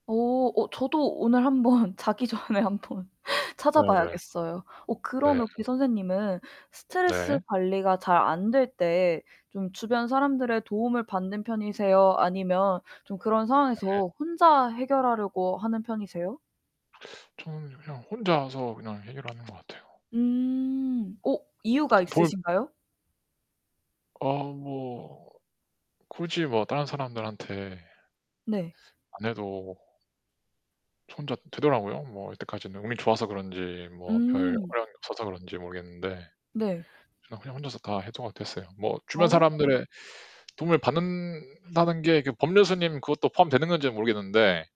어. 어 저도 오늘 한번 자기 전에 한번 네네. 찾아봐야겠어요. 어 네. 그러면 혹시 선생님은 스트레스 네. 관리가 잘 안될 때 좀 주변 사람들의 도움을 받는 편이세요? 아니면 좀 그런 네. 상황에서 혼자 해결하려고 하는 편이세요? 전 그냥 혼자서 그냥 해결하는 것 같아요. 음. 어 이유가 도 돌 있으신가요? 어 뭐 굳이 뭐 다른 사람들한테 네. 안 해도 저 혼자 되더라고요, 뭐 이때까지는. 운이 좋아서 그런지 뭐 별 음. 어려움이 없어서 그런지 모르겠는데 네. 그냥 그냥 혼자서 다 해소 가 됐어요. 뭐 주변 아. 사람들의 도움을 받는다는 게 그 법륜스님 그것도 포함되는 건지 모르겠는데